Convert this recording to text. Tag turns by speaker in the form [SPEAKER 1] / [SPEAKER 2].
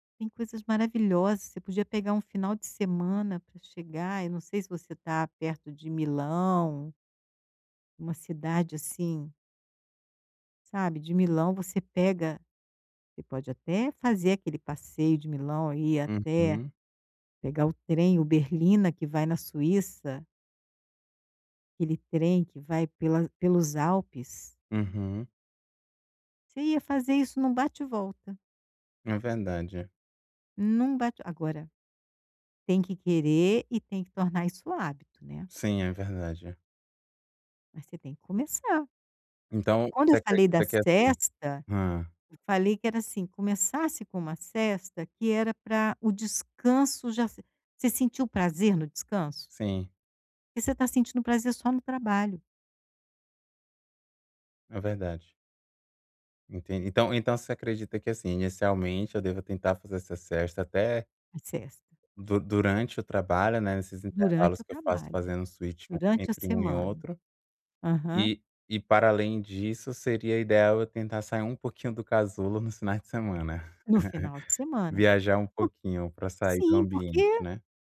[SPEAKER 1] Tem coisas maravilhosas. Você podia pegar um final de semana para chegar. Eu não sei se você está perto de Milão uma cidade assim sabe. De Milão, você pega você pode até fazer aquele passeio de Milão e ir até
[SPEAKER 2] Uhum
[SPEAKER 1] pegar o trem, o Berlina, que vai na Suíça. Aquele trem que vai pela pelos Alpes.
[SPEAKER 2] Uhum.
[SPEAKER 1] Você ia fazer isso em um bate e volta.
[SPEAKER 2] É verdade.
[SPEAKER 1] Num bate agora, tem que querer e tem que tornar isso hábito, né?
[SPEAKER 2] Sim, é verdade.
[SPEAKER 1] Mas você tem que começar.
[SPEAKER 2] Então,
[SPEAKER 1] Quando
[SPEAKER 2] você
[SPEAKER 1] eu falei da
[SPEAKER 2] acredita que é assim?
[SPEAKER 1] sesta,
[SPEAKER 2] Hã.
[SPEAKER 1] eu falei que era assim: Começasse com uma sesta, que era para o descanso já s você sentiu prazer no descanso?
[SPEAKER 2] Sim.
[SPEAKER 1] Porque você está sentindo prazer só no trabalho.
[SPEAKER 2] É verdade. Entendi. Então então você acredita que, assim, inicialmente, eu deva tentar fazer essa sesta até
[SPEAKER 1] A sesta.
[SPEAKER 2] du durante o trabalho, né, nesses intervalos
[SPEAKER 1] Durante o
[SPEAKER 2] que eu faço
[SPEAKER 1] trabalho,
[SPEAKER 2] fazendo switch um
[SPEAKER 1] durante a
[SPEAKER 2] entre um e
[SPEAKER 1] semana.
[SPEAKER 2] outro.
[SPEAKER 1] Aham.
[SPEAKER 2] E e, para além disso, seria ideal eu tentar sair um pouquinho do casulo nos finais de semana.
[SPEAKER 1] No final de semana.
[SPEAKER 2] Viajar um
[SPEAKER 1] por
[SPEAKER 2] pouquinho para sair do
[SPEAKER 1] sim,
[SPEAKER 2] ambiente,
[SPEAKER 1] porque
[SPEAKER 2] né?